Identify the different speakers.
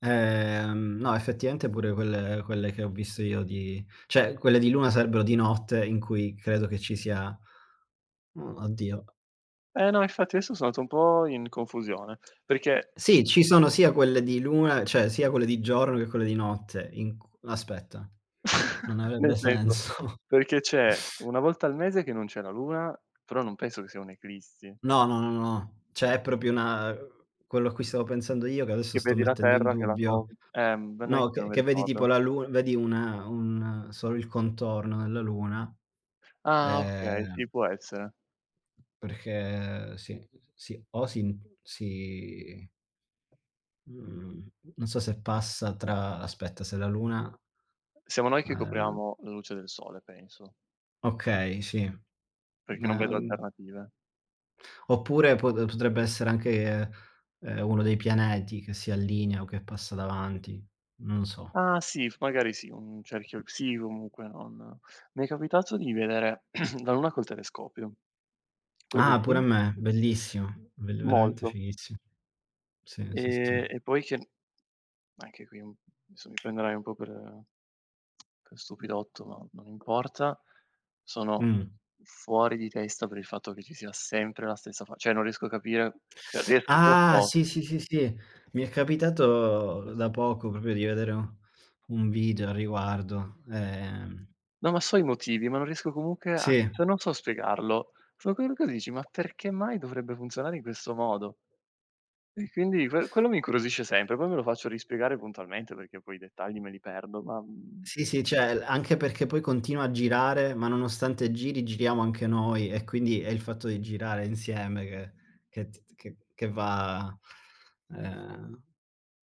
Speaker 1: Ehm, no effettivamente pure quelle quelle che ho visto io di cioè quelle di Luna sarebbero di notte in cui credo che ci sia uhm, oddio
Speaker 2: Eh, no infatti adesso so' andato un po' in confusione perché
Speaker 1: Sì, ci sono sia quelle di Luna cioè sia quelle di giorno, che quelle di notte in cu aspetta, non
Speaker 2: Nel
Speaker 1: avrebbe
Speaker 2: senso,
Speaker 1: senso.
Speaker 2: perché c'è 1 volta al mese che non c'è la Luna, però non penso che sia un eclissi.
Speaker 1: No, no, no, no, no. Cioè è proprio una uhm, quello a cui stavo pensando io, che adesso
Speaker 2: Che
Speaker 1: sto
Speaker 2: vedi la
Speaker 1: mettendo in
Speaker 2: terra che la
Speaker 1: dubbio.
Speaker 2: cov ehm, non è
Speaker 1: No,
Speaker 2: che non
Speaker 1: che
Speaker 2: mi
Speaker 1: che vedi tipo
Speaker 2: ricordo.
Speaker 1: la Luna vedi una un solo il contorno della Luna,
Speaker 2: Ah, okay, sì,
Speaker 1: ehm
Speaker 2: può essere.
Speaker 1: perché sì, sì, o sin si mhmm, non so se passa tra aspetta se la Luna
Speaker 2: Siamo noi che
Speaker 1: uhm
Speaker 2: copriamo la luce del sole, penso
Speaker 1: Okay, sì.
Speaker 2: perché non
Speaker 1: Na
Speaker 2: vedo
Speaker 1: uhm
Speaker 2: alternative.
Speaker 1: Oppure pot potrebbe essere anche, uhm, uno dei pianeti che si allinea o che passa davanti. Non so.
Speaker 2: Ah, sì, f magari sì, un cerchio sì, comunque non m'è capitato di vedere la Luna col telescopio. Quello
Speaker 1: Ah, pure a
Speaker 2: sì.
Speaker 1: me, bellissimo, bel veramente
Speaker 2: Molto.
Speaker 1: fighissim Sì, sì, sì,
Speaker 2: Ehm
Speaker 1: sì.
Speaker 2: e poi che anche qui, mhmm, esso mi prenderai un po' per per stupidotto, ma non importa. Sono
Speaker 1: Mh.
Speaker 2: fuori di testa per il fatto che ci sia sempre la stessa fa cioè non riesco a capire cioè riesc lo
Speaker 1: Ah,
Speaker 2: so.
Speaker 1: sì, sì, sì, sì. Mi è capitato da poco proprio di vedere un video a riguardo, ehm
Speaker 2: No, ma so i motivi, ma non riesco comunque a
Speaker 1: Sì.
Speaker 2: cioè non so spiegarlo. [unintelligible] che dici: "Ma perché mai dovrebbe funzionare in questo modo?" E quindi quel quello mi incuriosisce sempre, poi me lo faccio rispiegare puntualmente, perché poi i dettagli me li perdo, ma, mhmm
Speaker 1: Sì, sì, cioè l anche perché poi continua a girare, ma nonostante giri, giriamo anche noi e quindi è il fatto di girare insieme che che t t che che va, uhm, ehm